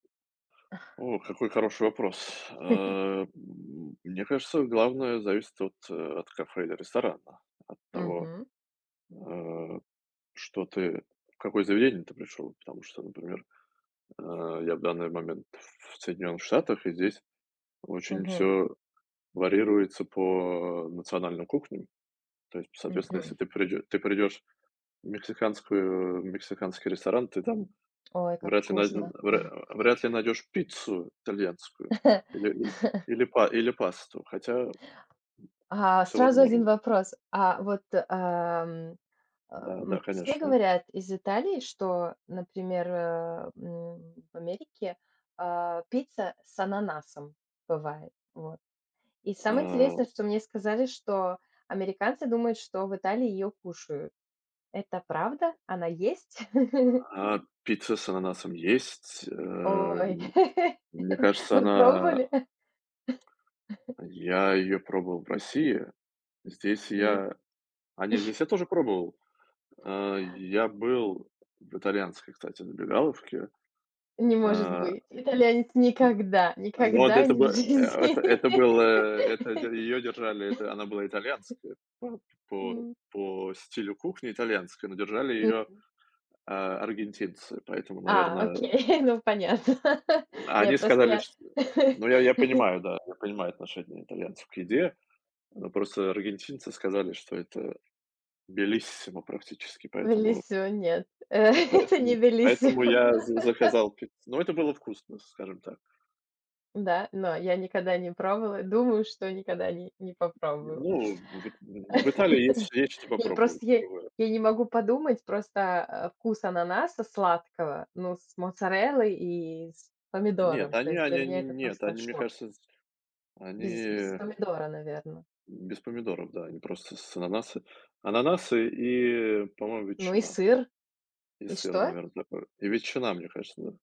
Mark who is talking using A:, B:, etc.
A: Ох, какой хороший вопрос, э, м, мне кажется главное зависит от, э, от кафе или ресторана. От того,
B: Мгм.
A: а, что ты, в какое заведение ты пришел. Потому что, например, э, я в данный момент в Соединенных Штатах, и здесь очень
B: Мгм.
A: всё варьируется по национальной кухне. То есть, соответственно, если
B: Мгм.
A: ты придё ты придёшь в мексиканскую в мексиканский ресторан, ты там
B: Ой, как
A: вряд ли найдё
B: вкусно!
A: вряд э, вряд ли найдёшь пиццу итальянскую или и, или па или пасту, хотя, м,
B: А,
A: всё
B: сразу 1
A: возможно.
B: вопрос. А вот, ам,
A: Да, да,
B: эм, все
A: конечно.
B: говорят из Италии, что, например, э, м, в Америке, а, пицца с ананасом бывает, вот. И самое
A: А
B: интересное, что мне сказали, что американцы думают, что в Италии её кушают. Это правда? Она есть?
A: А, пицца с ананасом есть,
B: Ой,
A: эм. Мне кажется,
B: вы
A: она
B: пробовали?
A: а я её пробовал в России. Здесь
B: М.
A: я а не, здесь я тоже пробовал. Э, й я был в итальянской, кстати, забегаловке,
B: Не может
A: а.
B: быть! Итальянец никогда,
A: М, ну ад
B: никогда
A: это
B: не в
A: бы э
B: жизни!
A: это это был, э, это дь её держали, это она была итальянская па по
B: М.
A: по стилю кухни- итальянская, но держали её,
B: Мгм.
A: э, аргентинцы, поэтому,
B: А,
A: наверно.
B: окей, ну понятно,
A: М,
B: не я
A: они
B: просто
A: сказали,
B: я
A: ш ну, я я понимаю, да, я понимаю отношение итальянцев к еде. Ну, просто аргентинцы сказали, что это bellissimo практически, поэтому
B: Bellissimo нет,
A: м,
B: это не
A: поэтому поэтому
B: bellissimo.
A: я за заказал пиццу. Но это было вкусно, скажем так.
B: Да, но я никогда не пробовала, и думаю, что никогда и ни не попробую.
A: Ну в ит в в Италии есть ш есть, что
B: Не,
A: попробовать
B: просто
A: и
B: я и,
A: другое.
B: я не могу подумать, просто, э, вкус ананаса сладкого, ну, с моцареллой и с
A: Нет,
B: помидором, то
A: они,
B: есть для
A: они
B: меня это
A: нь нет,
B: просто
A: они, мне
B: шок.
A: кажется, шсь
B: Без без
A: они
B: помидора, наверно.
A: М, без помидоров, да, они просто с с ананасы. Ананасы и, по-моему,
B: Ну и
A: ветчина
B: сыр.
A: и
B: И
A: сыр,
B: что?
A: наверно, такой. И ветчина, мне кажется, да.